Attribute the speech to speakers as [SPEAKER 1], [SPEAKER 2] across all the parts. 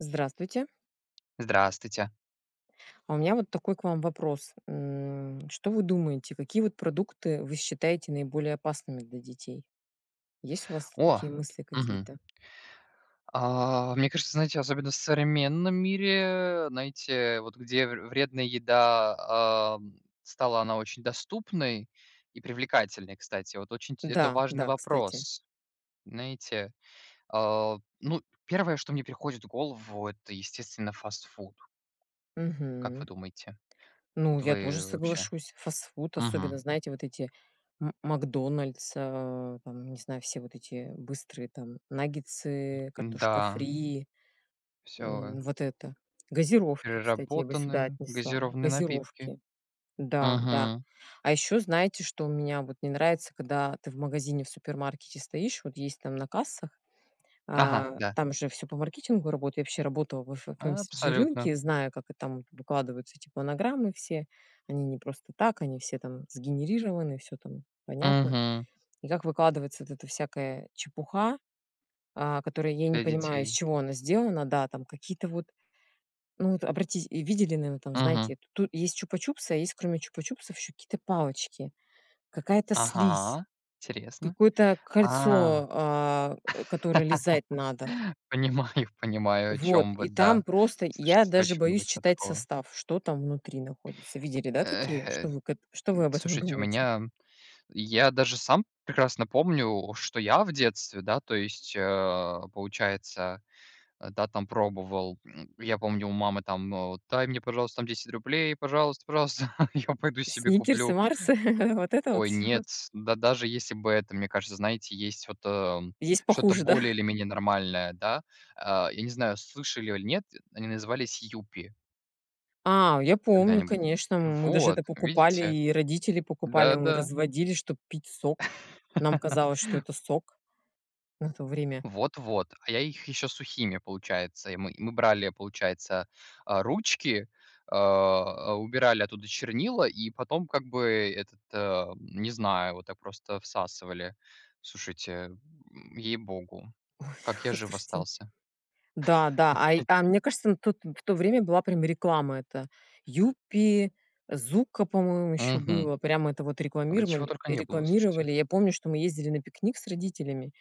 [SPEAKER 1] Здравствуйте.
[SPEAKER 2] Здравствуйте.
[SPEAKER 1] А у меня вот такой к вам вопрос. М, что вы думаете, какие вот продукты вы считаете наиболее опасными для детей? Есть у вас
[SPEAKER 2] О!
[SPEAKER 1] такие мысли
[SPEAKER 2] Мгм.
[SPEAKER 1] какие-то?
[SPEAKER 2] А, мне кажется, знаете, особенно в современном мире, знаете, вот где вр вредная еда, ам, стала она очень доступной и привлекательной, кстати. Вот очень ть это
[SPEAKER 1] Да,
[SPEAKER 2] важный
[SPEAKER 1] да, кстати.
[SPEAKER 2] вопрос. Знаете, а, ну 1, что мне приходит в голову, это, естественно, фастфуд. Как
[SPEAKER 1] Мгм.
[SPEAKER 2] вы думаете?
[SPEAKER 1] Ну,
[SPEAKER 2] Вот
[SPEAKER 1] я тоже
[SPEAKER 2] вы вообще?
[SPEAKER 1] соглашусь. Фастфуд, особенно,
[SPEAKER 2] Мгм.
[SPEAKER 1] знаете, вот эти "М макдональдс", а там, не знаю, все вот эти быстрые там наггетсы, картошка
[SPEAKER 2] М-да.
[SPEAKER 1] фри,
[SPEAKER 2] Всё,
[SPEAKER 1] м,
[SPEAKER 2] э
[SPEAKER 1] вот это. Газировки, кстати, я бы сюда
[SPEAKER 2] Переработаны
[SPEAKER 1] отнесла,
[SPEAKER 2] Газированные напитки.
[SPEAKER 1] газировки. Да, да.
[SPEAKER 2] Мгм.
[SPEAKER 1] А еще знаете, что у меня вот не нравится, когда ты в магазине, в супермаркете стоишь, вот есть там на кассах,
[SPEAKER 2] Ага,
[SPEAKER 1] а,
[SPEAKER 2] да.
[SPEAKER 1] там же всё по маркетингу работает. Я вообще работала в эфе в FMCG рынке
[SPEAKER 2] Абсолютно.
[SPEAKER 1] и знаю, как, э, там выкладываются эти планограммы все. Они не просто так, они все там сгенерированы, всё там понятно.
[SPEAKER 2] Мгм.
[SPEAKER 1] И как выкладывается вот эта всякая чепуха, а, которая я не
[SPEAKER 2] Для
[SPEAKER 1] понимаю, из
[SPEAKER 2] детей.
[SPEAKER 1] чего она сделана. Да, там какие-то вот, ну вот, обратите и видели, наверно, там,
[SPEAKER 2] Мгм.
[SPEAKER 1] знаете, ту есть "Чупа-чупсы", а есть, кроме "Чупа-чупсов", еще какие-то палочки, какая-то слизь,
[SPEAKER 2] Ага, интересно.
[SPEAKER 1] какое-то
[SPEAKER 2] А,
[SPEAKER 1] кольцо, а, э, которое лизать надо.
[SPEAKER 2] понимаю, понимаю, о
[SPEAKER 1] Вот
[SPEAKER 2] чём вы,
[SPEAKER 1] и там
[SPEAKER 2] да.
[SPEAKER 1] просто я
[SPEAKER 2] Слушайте, это
[SPEAKER 1] даже
[SPEAKER 2] очень
[SPEAKER 1] боюсь
[SPEAKER 2] много чё
[SPEAKER 1] читать
[SPEAKER 2] такого.
[SPEAKER 1] состав, что там внутри находится. Видели, да,
[SPEAKER 2] Эх,
[SPEAKER 1] такие?
[SPEAKER 2] э,
[SPEAKER 1] Что вы к эт что вы об этом
[SPEAKER 2] слушайте, у
[SPEAKER 1] думаете?
[SPEAKER 2] меня м я даже сам прекрасно помню, что я в детстве, да, то есть, а, получается, да, там пробовал. М, я помню, у мамы там, э, вот: "Дай мне, пожалуйста, там 10 рублей, пожалуйста, пожалуйста, я пойду себе
[SPEAKER 1] "Сникерсы",
[SPEAKER 2] куплю"
[SPEAKER 1] "Марсы"- вот это вот
[SPEAKER 2] Ой,
[SPEAKER 1] всё?
[SPEAKER 2] нет. Да даже если бы это мне кажется, знаете, есть вот, эм,
[SPEAKER 1] Есть
[SPEAKER 2] что-то
[SPEAKER 1] похуже, да?
[SPEAKER 2] более или менее нормальное, да? А, я не знаю, слышали аль нет, они назывались "Юпи".
[SPEAKER 1] А, я помню,
[SPEAKER 2] Когда-нибудь.
[SPEAKER 1] конечно, мы даже
[SPEAKER 2] Вот,
[SPEAKER 1] это покупали,
[SPEAKER 2] видите.
[SPEAKER 1] и родители покупали.
[SPEAKER 2] Да
[SPEAKER 1] Мы
[SPEAKER 2] да.
[SPEAKER 1] разводили, чтоб пить сок. Нам казалось, что это сок на то время.
[SPEAKER 2] Вот-вот. А я их еще сухими, получается. И мы и мы брали, получается, а, ручки, а, убирали оттуда чернила и потом, как бы, этот, ам, не знаю, вот так просто всасывали. Слушайте, ей-богу,
[SPEAKER 1] Ой,
[SPEAKER 2] как я жив
[SPEAKER 1] слушайте.
[SPEAKER 2] остался?
[SPEAKER 1] Да-да, ай а мне кажется, на тот в то время была прям реклама это "Юппи", "Зуко", по-моему, ещё
[SPEAKER 2] Мгм.
[SPEAKER 1] было. Прямо это вот
[SPEAKER 2] Да чего
[SPEAKER 1] рекламировали
[SPEAKER 2] только не было, слушайте.
[SPEAKER 1] рекламировали. Я помню, что мы ездили на пикник с родителями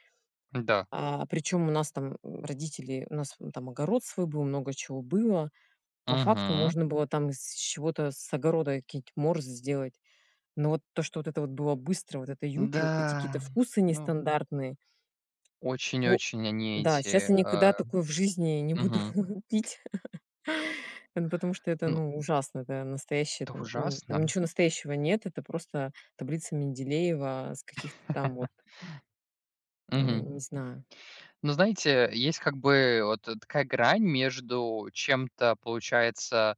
[SPEAKER 2] М-да.
[SPEAKER 1] а, причём у нас там, м, родители у нас там огород свой был, много чего было. По факту
[SPEAKER 2] Мгм.
[SPEAKER 1] можно было там из чего-то с огорода какие-нибудь морсы сделать, но вот то, что вот это вот было быстро, вот это "Юпи", вот эти какие-то
[SPEAKER 2] Да,
[SPEAKER 1] вкусы
[SPEAKER 2] ну
[SPEAKER 1] нестандартные.
[SPEAKER 2] Очень
[SPEAKER 1] По
[SPEAKER 2] очень они
[SPEAKER 1] да,
[SPEAKER 2] эти,
[SPEAKER 1] сейчас я никогда
[SPEAKER 2] а
[SPEAKER 1] такое в жизни не буду
[SPEAKER 2] мгм.
[SPEAKER 1] пить. Эн потому что это,
[SPEAKER 2] Ну
[SPEAKER 1] ну, ужасно, это настоящее
[SPEAKER 2] Это
[SPEAKER 1] там, м, там
[SPEAKER 2] ужасно.
[SPEAKER 1] ничего настоящего нет. Это просто таблица Менделеева с каких-то там вот Не
[SPEAKER 2] Мгм.
[SPEAKER 1] не знаю.
[SPEAKER 2] Ну, знаете, есть как бы вот такая грань между чем-то, получается,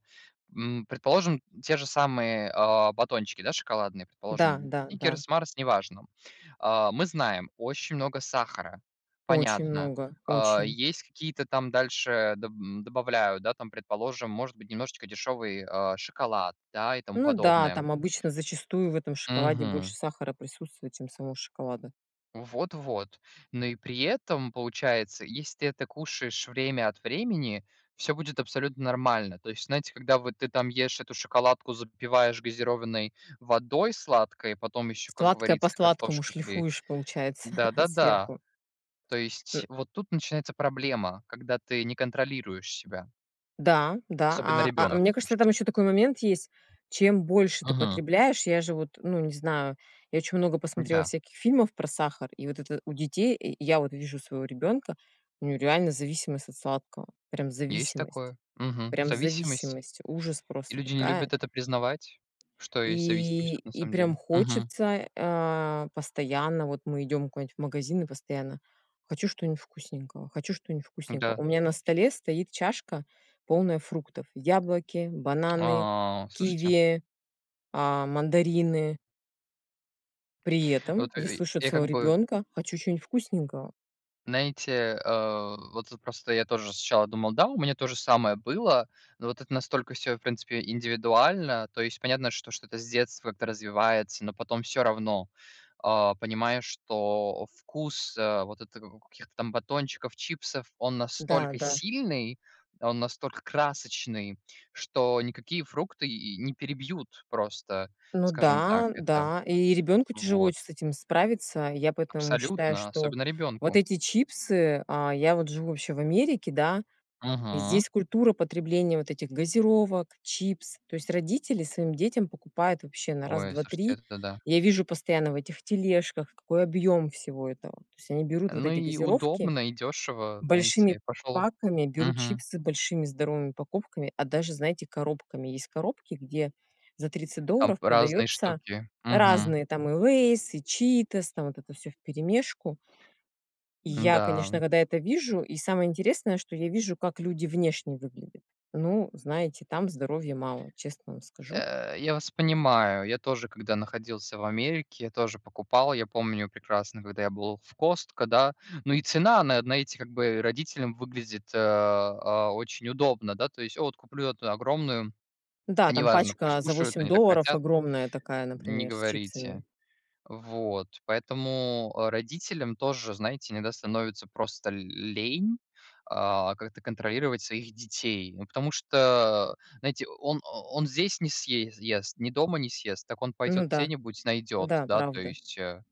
[SPEAKER 2] м, предположим, те же самые, а, батончики, да, шоколадные,
[SPEAKER 1] Да,
[SPEAKER 2] предположим,
[SPEAKER 1] да, да.
[SPEAKER 2] "Сникерс", "Марс", неважно. А, мы знаем, очень много сахара,
[SPEAKER 1] Очень
[SPEAKER 2] понятно.
[SPEAKER 1] много,
[SPEAKER 2] А,
[SPEAKER 1] очень.
[SPEAKER 2] есть какие-то там дальше, да, доб добавляют, да, там, предположим, может быть, немножечко дешевый, а, шоколад, да, и тому
[SPEAKER 1] Ну да,
[SPEAKER 2] подобное.
[SPEAKER 1] там обычно, зачастую, в этом шоколаде больше
[SPEAKER 2] Мгм.
[SPEAKER 1] сахара присутствует, чем самого шоколада.
[SPEAKER 2] Вот вот. Ну и при этом, получается, если ты это кушаешь время от времени, всё будет абсолютно нормально. То есть знаете, когда вот ты там ешь эту шоколадку, запиваешь газированной водой сладкой, потом ещё, как
[SPEAKER 1] Сладкое по
[SPEAKER 2] говорится,
[SPEAKER 1] сладкому
[SPEAKER 2] картошка фри.
[SPEAKER 1] шлифуешь, получается,
[SPEAKER 2] Да, да, да.
[SPEAKER 1] сверху.
[SPEAKER 2] То
[SPEAKER 1] М
[SPEAKER 2] есть вот тут начинается проблема, когда ты не контролируешь себя.
[SPEAKER 1] Да, да.
[SPEAKER 2] Особенно
[SPEAKER 1] А а,
[SPEAKER 2] ребенок,
[SPEAKER 1] мне кажется, там
[SPEAKER 2] слушайте.
[SPEAKER 1] еще такой момент есть. Чем больше ты
[SPEAKER 2] Мгм.
[SPEAKER 1] потребляешь Я же вот, ну, не знаю, я очень много посмотрела
[SPEAKER 2] Да.
[SPEAKER 1] всяких фильмов про сахар и вот это у детей, и и я вот вижу своего ребенка: у него реально зависимость от сладкого, прям
[SPEAKER 2] Есть
[SPEAKER 1] зависимость
[SPEAKER 2] такое, мгм.
[SPEAKER 1] прям
[SPEAKER 2] Зависимость.
[SPEAKER 1] зависимость, ужас
[SPEAKER 2] И
[SPEAKER 1] просто
[SPEAKER 2] люди не
[SPEAKER 1] какая.
[SPEAKER 2] любят это признавать, что есть зависимость,
[SPEAKER 1] И
[SPEAKER 2] вот на
[SPEAKER 1] и
[SPEAKER 2] самом
[SPEAKER 1] прям
[SPEAKER 2] деле. Мгм.
[SPEAKER 1] хочется, а, постоянно Вот мы идем куда-нибудь в магазин, и постоянно: "Хочу что-нибудь вкусненького, хочу что-нибудь вкусненького".
[SPEAKER 2] Да.
[SPEAKER 1] У меня на столе стоит чашка, полная фруктов: яблоки, бананы,
[SPEAKER 2] А, слушайте.
[SPEAKER 1] киви, а, мандарины. При этом
[SPEAKER 2] Вот, э,
[SPEAKER 1] я
[SPEAKER 2] ый
[SPEAKER 1] слышу от
[SPEAKER 2] я
[SPEAKER 1] своего
[SPEAKER 2] как бы
[SPEAKER 1] ребенка: "Хочу чё-нибудь вкусненького".
[SPEAKER 2] Знаете, а, вот вот просто я тоже сначала думал, да, у меня то же самое было, но вот это настолько всё, в принципе, индивидуально. То есть понятно, что что-то с детства это развивается, но потом всё равно, а, понимая, что вкус, а, вот это как у каких-то там батончиков, чипсов, он
[SPEAKER 1] Да,
[SPEAKER 2] настолько
[SPEAKER 1] да.
[SPEAKER 2] сильный, он настолько красочный, что никакие фрукты и не перебьют просто,
[SPEAKER 1] Ну
[SPEAKER 2] скажем так,
[SPEAKER 1] да,
[SPEAKER 2] это.
[SPEAKER 1] да. И ребенку тяжело
[SPEAKER 2] Вот.
[SPEAKER 1] ведь с этим справиться. Я поэтому считаю,
[SPEAKER 2] Абсолютно,
[SPEAKER 1] что
[SPEAKER 2] особенно
[SPEAKER 1] вот
[SPEAKER 2] ребенку.
[SPEAKER 1] эти чипсы А, я вот живу вообще в Америке, да, и
[SPEAKER 2] Мгм.
[SPEAKER 1] здесь культура потребления вот этих газировок, чипс. То есть родители своим детям покупают вообще на
[SPEAKER 2] Ой, слушайте,
[SPEAKER 1] раз-два-три.
[SPEAKER 2] это-то да.
[SPEAKER 1] Я вижу постоянно в этих тележках, какой объем всего этого. То есть они берут вот
[SPEAKER 2] Ну,
[SPEAKER 1] эти
[SPEAKER 2] и
[SPEAKER 1] газировки
[SPEAKER 2] удобно, и дешево,
[SPEAKER 1] большими
[SPEAKER 2] знаете. Пошел.
[SPEAKER 1] паками, берут
[SPEAKER 2] Мгм.
[SPEAKER 1] чипсы большими здоровыми упаковками, а даже, знаете, коробками. Есть коробки, где за 30
[SPEAKER 2] Там
[SPEAKER 1] долларов
[SPEAKER 2] разные
[SPEAKER 1] продаются
[SPEAKER 2] штуки. Мгм.
[SPEAKER 1] разные там и "Лейс", и "Читос", там вот это всё вперемешку. И я,
[SPEAKER 2] М-да.
[SPEAKER 1] конечно, когда это вижу И самое интересное, что я вижу, как люди внешне выглядят. Ну, знаете, там здоровья мало, честно вам скажу.
[SPEAKER 2] Э, я вас понимаю, я тоже, когда находился в Америке, тоже покупал. Я помню прекрасно, когда я был в Costco, да, ну и цена на, э, на эти как бы родителям выглядит, э, а, очень удобно, да. То есть: "А, от куплю эту огромную,
[SPEAKER 1] Да, там
[SPEAKER 2] неважно, пусть
[SPEAKER 1] пачка за
[SPEAKER 2] кушают,
[SPEAKER 1] 8
[SPEAKER 2] они так
[SPEAKER 1] долларов
[SPEAKER 2] хотят".
[SPEAKER 1] огромная такая,
[SPEAKER 2] Не
[SPEAKER 1] например, с
[SPEAKER 2] говорите.
[SPEAKER 1] чипсами.
[SPEAKER 2] Вот. Поэтому, а, родителям тоже, знаете, иногда становится просто л лень, а, как-то контролировать своих детей, ну, потому что, знаете, он он здесь не съе ест, ни дома не съест, так он
[SPEAKER 1] Ну
[SPEAKER 2] пойдет
[SPEAKER 1] да,
[SPEAKER 2] где-нибудь найдет,
[SPEAKER 1] да,
[SPEAKER 2] да, то
[SPEAKER 1] правда.
[SPEAKER 2] есть, э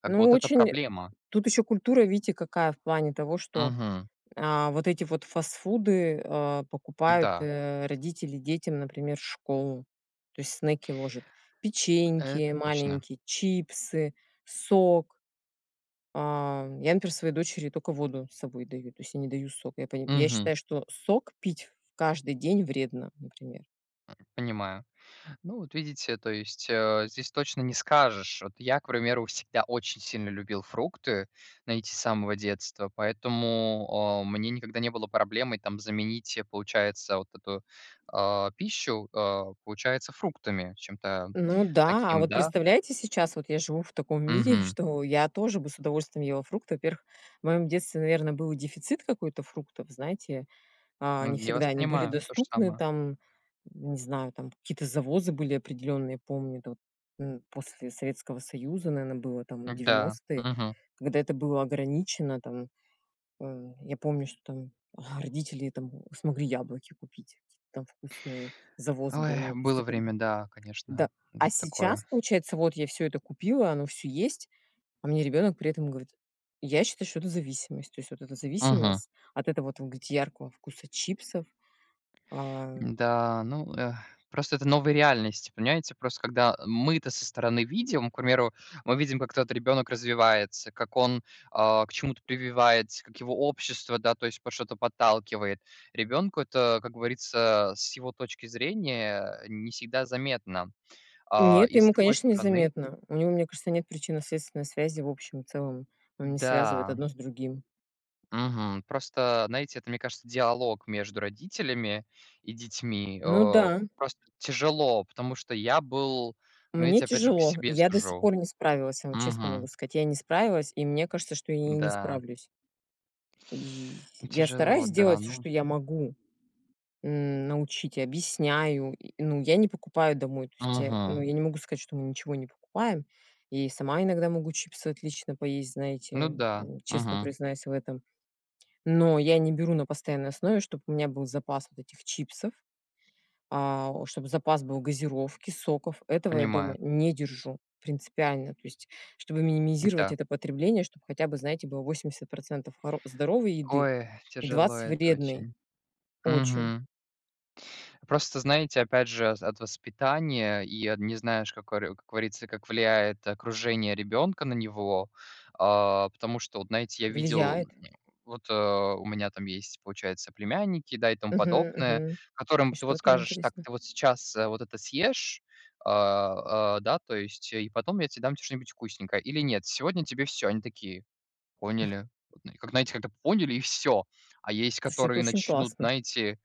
[SPEAKER 2] Как бы
[SPEAKER 1] Ну,
[SPEAKER 2] вот это
[SPEAKER 1] очень
[SPEAKER 2] проблема.
[SPEAKER 1] тут еще культура, видите, какая, в плане того, что,
[SPEAKER 2] Мгм.
[SPEAKER 1] а, вот эти вот фастфуды, а, покупают,
[SPEAKER 2] Да.
[SPEAKER 1] э, родители детям, например, в школу, то есть снеки ложат: печеньки
[SPEAKER 2] Это точно.
[SPEAKER 1] маленькие, чипсы, сок. А, я, например, своей дочери только воду с собой даю, то есть я не даю сок. Я поним я
[SPEAKER 2] Мгм.
[SPEAKER 1] считаю, что сок пить каждый день вредно, например.
[SPEAKER 2] Понимаю. Ну вот видите, то есть, а, здесь точно не скажешь. Вот я, к примеру, всегда очень сильно любил фрукты, знаете, с самого детства, поэтому, а, мне никогда не было проблемой там заменить, э, получается, вот эту, а, пищу, а, получается, фруктами. Чем-то
[SPEAKER 1] Ну да, а
[SPEAKER 2] таким,
[SPEAKER 1] вот
[SPEAKER 2] да?
[SPEAKER 1] представляете, сейчас вот я живу в таком мире,
[SPEAKER 2] Мгм.
[SPEAKER 1] что я тоже бы с удовольствием ела фрукты. Во-первых, в моем детстве, наверно, был и дефицит какой-то фруктов. Знаете, а, не
[SPEAKER 2] М, я
[SPEAKER 1] всегда
[SPEAKER 2] вас
[SPEAKER 1] они были
[SPEAKER 2] понимаю, то же
[SPEAKER 1] доступны.
[SPEAKER 2] самое.
[SPEAKER 1] Там не знаю, там какие-то завозы были определенные, я помню это вот, м, после Советского Союза, наверно, было там
[SPEAKER 2] Да.
[SPEAKER 1] 90,
[SPEAKER 2] Мгм.
[SPEAKER 1] когда это было ограничено там. А я помню, что там родители там смогли яблоки купить, какие-то там вкусные, завоз
[SPEAKER 2] Ой,
[SPEAKER 1] был. Ну, то есть
[SPEAKER 2] было
[SPEAKER 1] это
[SPEAKER 2] время, да,
[SPEAKER 1] да,
[SPEAKER 2] конечно,
[SPEAKER 1] а
[SPEAKER 2] м,
[SPEAKER 1] сейчас,
[SPEAKER 2] такое.
[SPEAKER 1] получается, вот я всё это купила, оно всё есть, а мне ребенок при этом говорит Я считаю что это зависимость. То есть вот это
[SPEAKER 2] Мгм.
[SPEAKER 1] зависимость, от этого, вот вы говорите, яркого вкуса чипсов, а
[SPEAKER 2] Да, ну, э, просто это новая реальность. Понимаете, просто, когда мы-то со стороны видим, к примеру, мы видим, как тот ребенок развивается, как он, а, к чему-то прививается, как его общество, да, то есть под что-то подталкивает. Ребенку это, как говорится, с его точки зрения не всегда заметно. А,
[SPEAKER 1] Нет,
[SPEAKER 2] и с
[SPEAKER 1] ему,
[SPEAKER 2] другой
[SPEAKER 1] конечно, не
[SPEAKER 2] стороны
[SPEAKER 1] заметно. У него, мне кажется, нет причинно-следственной связи в общем и целом. Он не связывает
[SPEAKER 2] Да.
[SPEAKER 1] одно с другим.
[SPEAKER 2] Мгм. Просто, знаете, это, мне кажется, диалог между родителями и детьми,
[SPEAKER 1] Ну
[SPEAKER 2] а,
[SPEAKER 1] да.
[SPEAKER 2] просто тяжело, потому что я был Ну,
[SPEAKER 1] Мне
[SPEAKER 2] видите, опять же, по
[SPEAKER 1] тяжело,
[SPEAKER 2] себе
[SPEAKER 1] я до сих
[SPEAKER 2] сужу.
[SPEAKER 1] пор не справилась, я вам честно могу
[SPEAKER 2] Мгм.
[SPEAKER 1] сказать. Я не справилась, и мне кажется, что я и не
[SPEAKER 2] М-да.
[SPEAKER 1] справлюсь. И
[SPEAKER 2] И
[SPEAKER 1] я
[SPEAKER 2] тяжело,
[SPEAKER 1] стараюсь
[SPEAKER 2] да,
[SPEAKER 1] делать всё,
[SPEAKER 2] ну
[SPEAKER 1] что я могу: м, научить и объясняю. И, ну, я не покупаю домой. То есть я, ну,
[SPEAKER 2] Мгм.
[SPEAKER 1] я не могу сказать, что мы ничего не покупаем, я и сама иногда могу чипсы отлично поесть,
[SPEAKER 2] Ну
[SPEAKER 1] знаете.
[SPEAKER 2] да.
[SPEAKER 1] М, честно
[SPEAKER 2] Мгм.
[SPEAKER 1] признаюсь в этом. Но я не беру на постоянной основе, чтоб у меня был запас вот этих чипсов, а, чтобы запас был газировки, соков. Этого я дома
[SPEAKER 2] Понимаю.
[SPEAKER 1] не держу принципиально, то есть чтобы минимизировать
[SPEAKER 2] М-да.
[SPEAKER 1] это потребление, чтоб хотя бы, знаете, было 80 % хоро здоровой еды
[SPEAKER 2] Ой,
[SPEAKER 1] и
[SPEAKER 2] тяжело
[SPEAKER 1] 20-
[SPEAKER 2] это
[SPEAKER 1] вредной.
[SPEAKER 2] очень.
[SPEAKER 1] Очень.
[SPEAKER 2] Мгм. Просто знаете, опять же, а, от воспитания и от не знаешь, как оре как говорится, как влияет окружение ребенка на него. А, потому что, вот знаете, я видел,
[SPEAKER 1] Влияет.
[SPEAKER 2] вот, э, у меня там есть, получается, племянники, да, и тому
[SPEAKER 1] Мгм,
[SPEAKER 2] подобное,
[SPEAKER 1] мгм. И
[SPEAKER 2] которым ты
[SPEAKER 1] что
[SPEAKER 2] вот
[SPEAKER 1] там,
[SPEAKER 2] скажешь: "Так,
[SPEAKER 1] интересно?
[SPEAKER 2] ты вот сейчас, э, вот это съешь, а, а, да, то есть, и потом я те дам те что-нибудь вкусненькое. Или нет: сегодня тебе всё". Они такие: "Поняли". Как, знаете, как-то "поняли" и всё. А есть,
[SPEAKER 1] Слушайте, это
[SPEAKER 2] которые
[SPEAKER 1] очень
[SPEAKER 2] начнут,
[SPEAKER 1] классно.
[SPEAKER 2] знаете,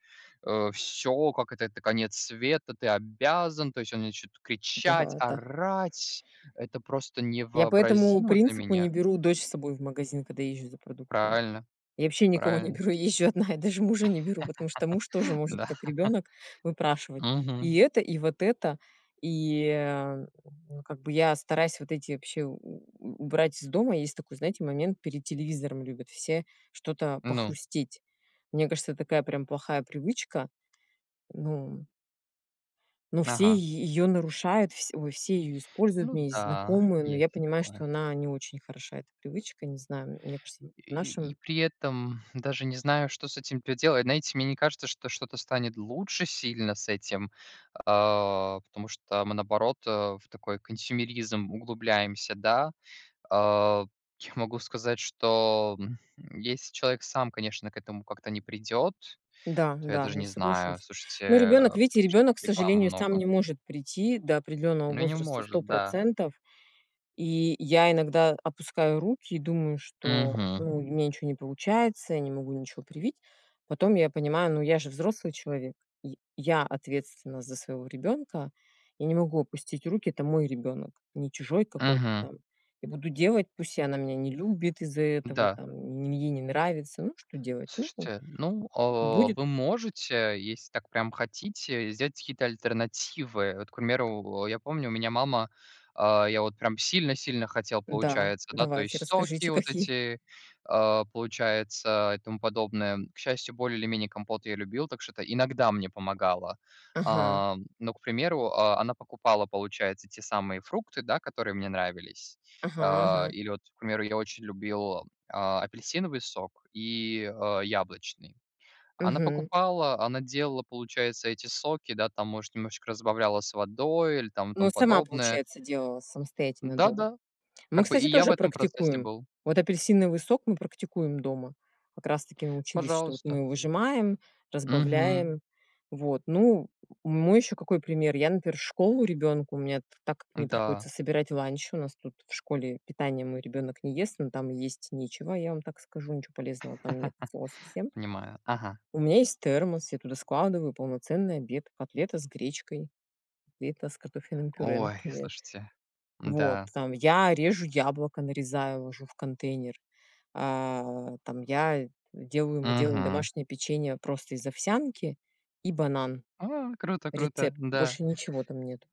[SPEAKER 2] э, всё, как это это конец света: "Ты обязан!" То есть они начнут кричать,
[SPEAKER 1] Да-да.
[SPEAKER 2] орать. Это просто
[SPEAKER 1] Я по этому
[SPEAKER 2] невообразимо для
[SPEAKER 1] принципу не
[SPEAKER 2] меня.
[SPEAKER 1] беру дочь с собой в магазин, когда езжу за продуктами.
[SPEAKER 2] Правильно
[SPEAKER 1] Я вообще никого не
[SPEAKER 2] правильно.
[SPEAKER 1] беру, я езжу одна и даже мужа не беру, потому что муж тоже может,
[SPEAKER 2] Да.
[SPEAKER 1] как ребенок, выпрашивать
[SPEAKER 2] Мгм.
[SPEAKER 1] и это, и вот это. И, а, ну, как бы я стараюсь вот эти вообще у у убрать из дома. Есть такой, знаете, момент: перед телевизором любят все что-то
[SPEAKER 2] Ну.
[SPEAKER 1] похрустеть. Мне кажется, такая прям плохая привычка. Ну ну, все
[SPEAKER 2] Ага.
[SPEAKER 1] е её нарушают, вс ой, все её используют. У
[SPEAKER 2] Ну
[SPEAKER 1] меня есть
[SPEAKER 2] да,
[SPEAKER 1] знакомые, но я
[SPEAKER 2] есть
[SPEAKER 1] понимаю, что
[SPEAKER 2] такое.
[SPEAKER 1] она не очень хороша, эта привычка. Не знаю, м мне кажется, в
[SPEAKER 2] И
[SPEAKER 1] нашем
[SPEAKER 2] и при этом даже не знаю, что с этим поделать. Знаете, мне не кажется, что что-то станет лучше сильно с этим, а, потому что мы, наоборот, э, в такой консьюмеризм углубляемся, да. А, я могу сказать, что, м, если человек сам, конечно, к этому как-то не придет,
[SPEAKER 1] Да,
[SPEAKER 2] то я
[SPEAKER 1] да,
[SPEAKER 2] даже
[SPEAKER 1] я
[SPEAKER 2] не знаю,
[SPEAKER 1] соглашусь.
[SPEAKER 2] слушайте,
[SPEAKER 1] Но ребенок,
[SPEAKER 2] о
[SPEAKER 1] видите,
[SPEAKER 2] том, что
[SPEAKER 1] ребенок, к
[SPEAKER 2] рекламы
[SPEAKER 1] сожалению, сам
[SPEAKER 2] много.
[SPEAKER 1] не может прийти до определенного
[SPEAKER 2] Ну, не
[SPEAKER 1] возраста сто
[SPEAKER 2] может, да.
[SPEAKER 1] процентов, и я иногда опускаю руки и думаю, что
[SPEAKER 2] Мгм.
[SPEAKER 1] у меня ничё не получается, я не могу ничё привить. Потом я понимаю: ну, я же взрослый человек, и я ответственна за своего ребенка и не могу опустить руки, это мой ребенок, не чужой какой-то
[SPEAKER 2] Мгм.
[SPEAKER 1] там. Я буду делать, пусть и она меня не любит из-за этого,
[SPEAKER 2] Да.
[SPEAKER 1] там, и ей не нравится. Ну, что делать, ну-у
[SPEAKER 2] Слушайте, ну, а,
[SPEAKER 1] будет
[SPEAKER 2] вы можете, если так прям хотите, сделать какие-то альтернативы. Вот, к примеру, я помню, у меня мама А, я вот прям сильно-сильно хотел,
[SPEAKER 1] Да.
[SPEAKER 2] получается, да, то
[SPEAKER 1] Давайте,
[SPEAKER 2] есть соки
[SPEAKER 1] расскажите,
[SPEAKER 2] вот
[SPEAKER 1] какие.
[SPEAKER 2] эти, а, получается, и тому подобное. К счастью, более или менее компот я любил, так что это иногда мне помогало.
[SPEAKER 1] Ага.
[SPEAKER 2] А, но, к примеру, а, она покупала, получается, те самые фрукты, да, которые мне нравились.
[SPEAKER 1] Ага,
[SPEAKER 2] А,
[SPEAKER 1] ага.
[SPEAKER 2] или вот, к примеру, я очень любил, а, апельсиновый сок и, а, яблочный. Она
[SPEAKER 1] Мгм.
[SPEAKER 2] покупала, она делала, получается, эти соки, да, там, может, немножечко разбавляла с водой или там
[SPEAKER 1] Ну,
[SPEAKER 2] тому
[SPEAKER 1] сама,
[SPEAKER 2] подобное.
[SPEAKER 1] получается, делала, самостоятельно
[SPEAKER 2] Да
[SPEAKER 1] дома.
[SPEAKER 2] да.
[SPEAKER 1] Мы,
[SPEAKER 2] Как бы и
[SPEAKER 1] кстати,
[SPEAKER 2] я в
[SPEAKER 1] тоже
[SPEAKER 2] этом процессе
[SPEAKER 1] практикуем.
[SPEAKER 2] был.
[SPEAKER 1] Вот апельсиновый сок мы практикуем дома. Как раз таки научились, что вот
[SPEAKER 2] Пожалуйста.
[SPEAKER 1] мы выжимаем,
[SPEAKER 2] Мгм.
[SPEAKER 1] разбавляем. Вот, ну, мой еще какой пример. Я, например, в школу ребенку, у меня т так как мне
[SPEAKER 2] Да.
[SPEAKER 1] приходится собирать ланч, у нас тут в школе питание мой ребенок не ест, но там есть нечего, я вам так скажу, ниче полезного там нет от слова совсем.
[SPEAKER 2] Понимаю. Ага.
[SPEAKER 1] У меня есть термос, я туда складываю полноценный обед: котлета с гречкой, котлета с картофельным пюре,
[SPEAKER 2] Ой,
[SPEAKER 1] например.
[SPEAKER 2] слушайте,
[SPEAKER 1] Вот.
[SPEAKER 2] м-да.
[SPEAKER 1] Там я режу яблоко: нарезаю, ложу в контейнер. А, там я делаю мы делаем
[SPEAKER 2] Мгм.
[SPEAKER 1] домашнее печенье просто из овсянки и банан.
[SPEAKER 2] А! Круто! Круто!
[SPEAKER 1] Рецепт.
[SPEAKER 2] Да.
[SPEAKER 1] Больше ничего там нету.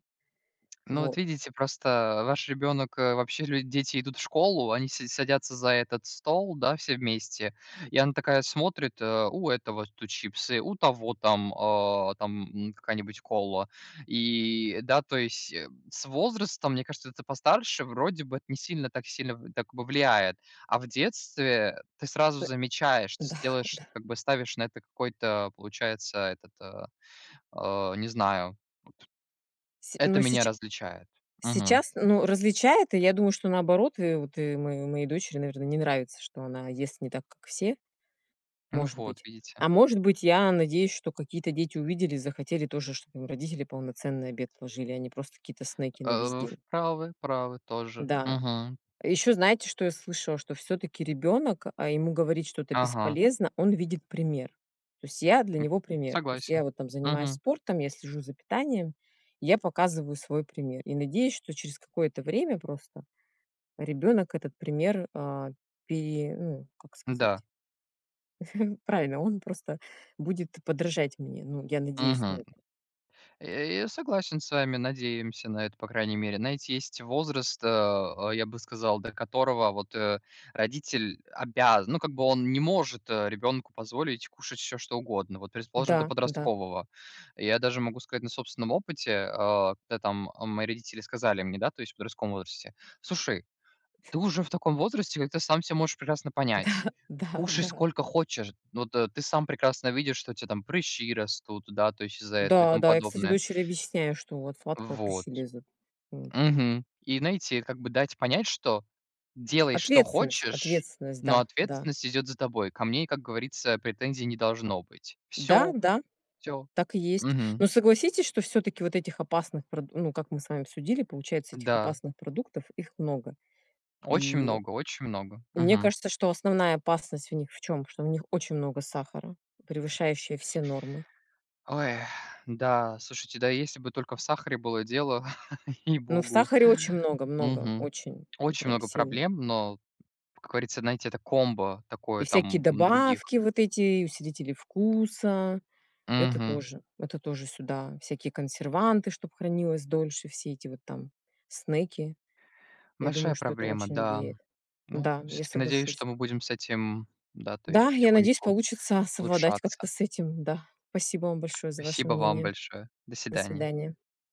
[SPEAKER 2] Ну, вот
[SPEAKER 1] Вот.
[SPEAKER 2] видите, просто ваш ребенок, э вообще люди дети идут в школу, они си садятся за этот стол, да, все вместе, и она такая смотрит: "Э, у этого тут чипсы, у того там, а, там, м, какая-нибудь кола". И, да, то есть, м, с возрастом, мне кажется, это постарше вроде бы это не сильно, так сильно в так во влияет. А в детстве ты сразу
[SPEAKER 1] Да,
[SPEAKER 2] замечаешь, то
[SPEAKER 1] да.
[SPEAKER 2] есть делаешь, как бы ставишь на это какой-то, получается, этот, а, а, не знаю,.
[SPEAKER 1] Сь
[SPEAKER 2] Это
[SPEAKER 1] ну,
[SPEAKER 2] меня
[SPEAKER 1] сеча
[SPEAKER 2] различает. Мгм.
[SPEAKER 1] сейчас, ну, различает, и я думаю, что, наоборот, э, вот, э, мое моей дочери, наверно, не нравится, что она ест не так, как все.
[SPEAKER 2] Ну
[SPEAKER 1] Может
[SPEAKER 2] вот,
[SPEAKER 1] быть,
[SPEAKER 2] видите.
[SPEAKER 1] а может быть, я надеюсь, что какие-то дети увидели и захотели тоже, чтобы им родители полноценный обед ложили, а не просто какие-то снеки на весь
[SPEAKER 2] Э, в
[SPEAKER 1] день.
[SPEAKER 2] правы, правы тоже.
[SPEAKER 1] Да.
[SPEAKER 2] Мгм.
[SPEAKER 1] Ещё знаете, что я слышала? Что всё-таки ребенок А ему говорить что-то
[SPEAKER 2] Ага.
[SPEAKER 1] бесполезно, он видит пример. То есть я- для
[SPEAKER 2] М.
[SPEAKER 1] него пример. То есть я
[SPEAKER 2] Согласен.
[SPEAKER 1] вот там занимаюсь
[SPEAKER 2] Мгм.
[SPEAKER 1] спортом, я слежу за питанием, и я показываю свой пример и надеюсь, что через какое-то время просто ребенок этот пример а, пере ну, как сказать,
[SPEAKER 2] М-да.
[SPEAKER 1] правильно, он просто будет подражать мне. Ну, я надеюсь на
[SPEAKER 2] Мгм.
[SPEAKER 1] это.
[SPEAKER 2] Э, я согласен с вами, надеемся на это, по крайней мере. Знаете, есть возраст, а,а, я бы сказал, до которого вот, э, родитель обяз Ну, как бы, он не может, э, ребенку позволить кушать всё, что угодно. Вот, предположим, до
[SPEAKER 1] Да, да.
[SPEAKER 2] подросткового. Я даже могу сказать на собственном опыте, а, когда там, а, мои родители сказали мне, да, то есть в подростковом возрасте: "Слушай, ты уже в таком возрасте, когда ты сам всё можешь прекрасно
[SPEAKER 1] Да,
[SPEAKER 2] понять.
[SPEAKER 1] да,
[SPEAKER 2] Кушай,
[SPEAKER 1] да.
[SPEAKER 2] сколько хочешь, вот, ты сам прекрасно видишь, что у тебя там прыщи растут, да, то есть из-за этого" и
[SPEAKER 1] Да,
[SPEAKER 2] тому
[SPEAKER 1] да. Я, кстати,
[SPEAKER 2] подобное.
[SPEAKER 1] дочери объясняю, что от сладкого
[SPEAKER 2] Вот.
[SPEAKER 1] прыщи лезут. Вот.
[SPEAKER 2] Мгм. И найти- это как бы дать понять, что делай, что
[SPEAKER 1] Ответственность
[SPEAKER 2] хочешь,
[SPEAKER 1] ответственность,
[SPEAKER 2] но
[SPEAKER 1] да, да.
[SPEAKER 2] ответственность идет за тобой. Ко мне и, как говорится, претензий не должно быть.
[SPEAKER 1] Да,
[SPEAKER 2] Всё
[SPEAKER 1] да,
[SPEAKER 2] всё.
[SPEAKER 1] так и есть.
[SPEAKER 2] Мгм.
[SPEAKER 1] Но согласитесь, что всё-таки вот этих опасных прод ну, как мы с вами обсудили, получается, этих
[SPEAKER 2] Да.
[SPEAKER 1] опасных продуктов, их много.
[SPEAKER 2] Очень
[SPEAKER 1] И
[SPEAKER 2] много очень много.
[SPEAKER 1] и мне
[SPEAKER 2] Мгм.
[SPEAKER 1] кажется, что основная опасность в них в чём? Что в них очень много сахара, превышающая все нормы.
[SPEAKER 2] Ой. Да, слушайте, да, если бы только в сахаре было дело,
[SPEAKER 1] Ну, в
[SPEAKER 2] ей-богу.
[SPEAKER 1] сахаре очень много много,
[SPEAKER 2] Мгм.
[SPEAKER 1] очень и
[SPEAKER 2] Очень
[SPEAKER 1] прям
[SPEAKER 2] много
[SPEAKER 1] сильно.
[SPEAKER 2] проблем, но, как говорится, знаете, это комбо
[SPEAKER 1] И
[SPEAKER 2] такое
[SPEAKER 1] всякие
[SPEAKER 2] там, м, других.
[SPEAKER 1] добавки вот эти и усилители вкуса- это
[SPEAKER 2] Мгм.
[SPEAKER 1] тоже, это тоже сюда, всякие консерванты, чтоб хранилось дольше, все эти вот там снеки. Я думаю,
[SPEAKER 2] Большая
[SPEAKER 1] что это
[SPEAKER 2] проблема,
[SPEAKER 1] очень
[SPEAKER 2] да.
[SPEAKER 1] влияет.
[SPEAKER 2] Ну,
[SPEAKER 1] Да, я
[SPEAKER 2] всё-таки надеюсь, что
[SPEAKER 1] соглашусь.
[SPEAKER 2] мы будем с этим, да, то
[SPEAKER 1] Да,
[SPEAKER 2] есть
[SPEAKER 1] я надеюсь,
[SPEAKER 2] потихоньку
[SPEAKER 1] получится совладать
[SPEAKER 2] улучшаться.
[SPEAKER 1] как-то с этим. Да, спасибо вам большое за ваше
[SPEAKER 2] Спасибо вам
[SPEAKER 1] мнение.
[SPEAKER 2] большое. До
[SPEAKER 1] До
[SPEAKER 2] свидания.
[SPEAKER 1] свидания.